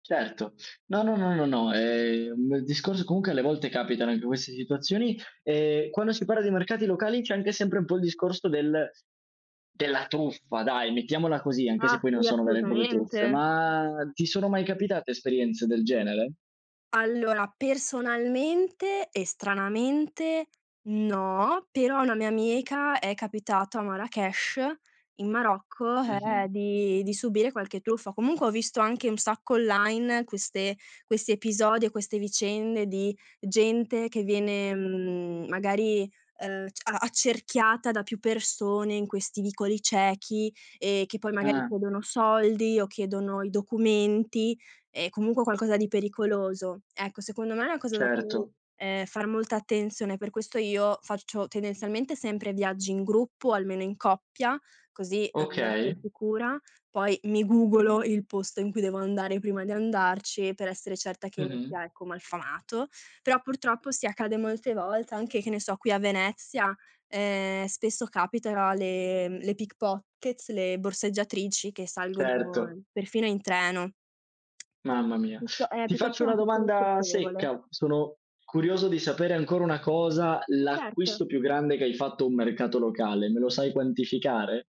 Certo, no, no, no, no, no, ehm, il discorso comunque alle volte capitano anche queste situazioni. Ehm, quando si parla di mercati locali c'è anche sempre un po' il discorso del della truffa dai, mettiamola così, anche Ah se poi non sì, sono vere e proprie truffe; assolutamente. ma ti sono mai capitate esperienze del genere? Allora, personalmente e stranamente no, però a una mia amica è capitato a Marrakesh, in Marocco, Mh-mh. ehm, di di subire qualche truffa. Comunque ho visto anche un sacco online queste questi episodi e queste vicende di gente che viene, mhmm, magari, ehm, c a accerchiata da più persone in questi vicoli ciechi, e che poi magari Ah. chiedono soldi o chiedono i documenti e comunque qualcosa di pericoloso. Ecco, secondo me è una cosa da cu Certo. ehm, far molta attenzione. Per questo io faccio tendenzialmente sempre viaggi in gruppo, almeno in coppia, così, ehm, da essere Okay. sicura. Poi mi googlo il posto in cui devo andare prima di andarci e per essere certa che non Mh-mh. sia, ecco, malfamato. Però purtroppo sì, accade molte volte anche, che ne so, qui a Venezia: ehm, spesso capita le le pickpockets, le borseggiatrici che Certo. salgono perfino in treno. Mamma È mia. piutto è Ti faccio piuttosto una una questione domanda spiacevole. secca. Sono curioso di sapere ancora una cosa: Sì, certo. l'acquisto più grande che hai fatto a un mercato locale. Me lo sai quantificare?